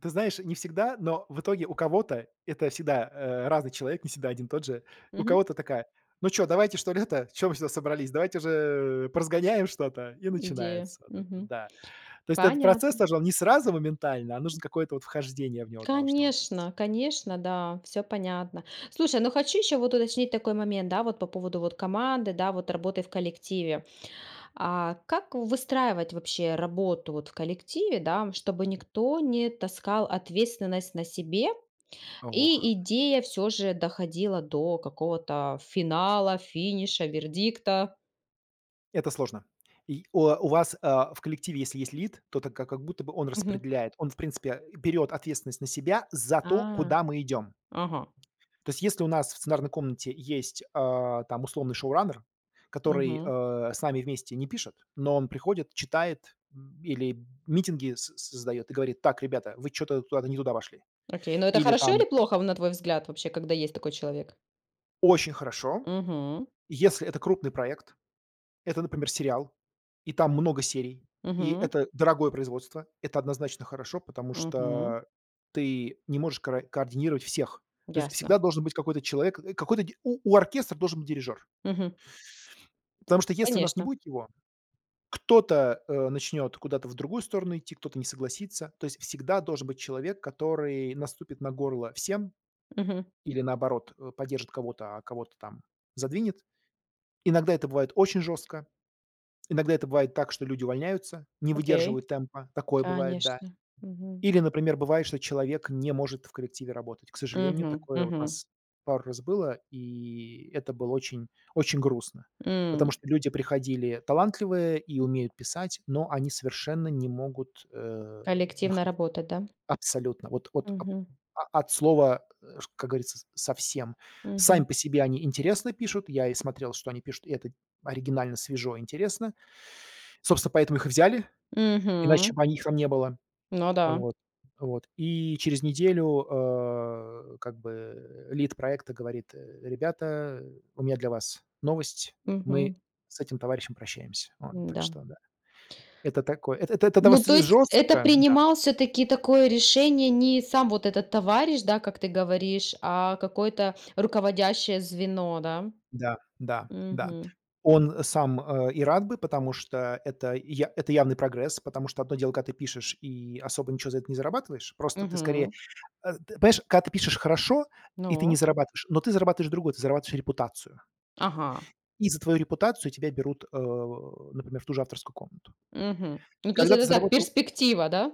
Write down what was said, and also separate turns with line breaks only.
Ты знаешь, не всегда, но в итоге у кого-то это всегда, э, разный человек, не всегда один и тот же, у
Мгм.
кого-то такая: "Ну чё, давайте, что ли, это, что мы сюда собрались, давайте же, э, поразгоняем что-то", и
Идея,
начинается вот это,
мгм.
да. То есть этот процесс
Понятно.
тоже, он не сразу моментально, а нужно какое-то вот вхождение в него должно быть.
Конечно, конечно, да, всё понятно. Слушай, но хочу ещё вот уточнить такой момент, да, вот, по поводу, вот, команды, да, вот, работы в коллективе. А, как выстраивать вообще работу, вот, в коллективе, да, чтобы никто не таскал ответственность на себе и
Ох.
идея всё же доходила до какого-то финала, финиша, вердикта?
Это сложно. И, у у вас, э, в коллективе если есть лид, то так как будто бы он
Мгм.
распределяет. Он, в принципе, берёт ответственность на себя за то,
А.
куда мы идём.
Ага.
То есть если у нас в сценарной комнате есть, э, там, условный шоураннер, который,
Мгм.
э, с нами вместе не пишет, но он приходит, читает, м, или митинги соз создаёт и говорит: "Так, ребята, вы чё-то куда-то не туда вошли".
Окей, но это
Или
хорошо или
там
плохо в на твой взгляд, когда есть такой человек?
Очень хорошо,
Мгм.
если это крупный проект, это, например, сериал, и там много серий, и
Мгм.
это дорогое производство, это однозначно хорошо, потому
Мгм.
что ты не можешь кра координировать всех. То есть
Ясно.
всегда должен быть какой-то человек, э, какой-то у у оркестра должен быть дирижёр.
Мгм.
Потому что если у нас не
Конечно.
будет его, кто-то, э, начнёт куда-то в другую сторону идти, кто-то не согласится. То есть всегда должен быть человек, который наступит на горло всем
Мгм.
или, наоборот, э, поддержит кого-то, а кого-то там задвинет. Иногда это бывает очень жёстко, иногда это бывает так, что люди увольняются, не
Окей,
выдерживают темпа, такое бывает, да.
конечно. Мгм.
Или, например, бывает, что человек не может в коллективе работать. К сожалению,
Мгм,
такое вот у
мгм.
нас пару раз было, и это было очень очень грустно, потому
М.
что люди приходили талантливые и умеют писать, но они совершенно не могут, э,
Коллективно
находить
работать, да?
Абсолютно. Вот, от о
Мгм.
от слова, а, ш как говорится, с совсем. Сами
Мгм.
по себе они интересно пишут, я и смотрел, что они пишут, и это оригинально, свежо, интересно. Собственно, поэтому их и взяли, иначе
Мгм.
бы они, их там не было.
Ну да.
Вот, вот. И через неделю, э, как бы лид проекта говорит: "Э, ребята, у меня для вас новость, мы
Мгм.
с этим товарищем прощаемся". Вот. Так
М-да.
что да, это такое, это это дов
Ну
с
то
ж
есть это
жёстко Да.
принимал всё-таки такое решение не сам вот этот товарищ, да, как ты говоришь, а какое-то руководящее звено, да?
Да, да, да.
Мгм.
Он сам, э, и рад бы, потому что это я это явный прогресс, потому что одно дело, когда ты пишешь и особо ничё за это не зарабатываешь, просто ты скорее,
Мгм.
э, з т понимаешь, когда ты пишешь хорошо, и ты не
Ну?
зарабатываешь, но ты зарабатываешь другое, ты зарабатываешь репутацию.
Ага.
И за твою репутацию тебя берут, э, например, в ту же авторскую комнату.
Мгм. Ну то есть,
Когда ты
это так,
заработал
перспектива, да?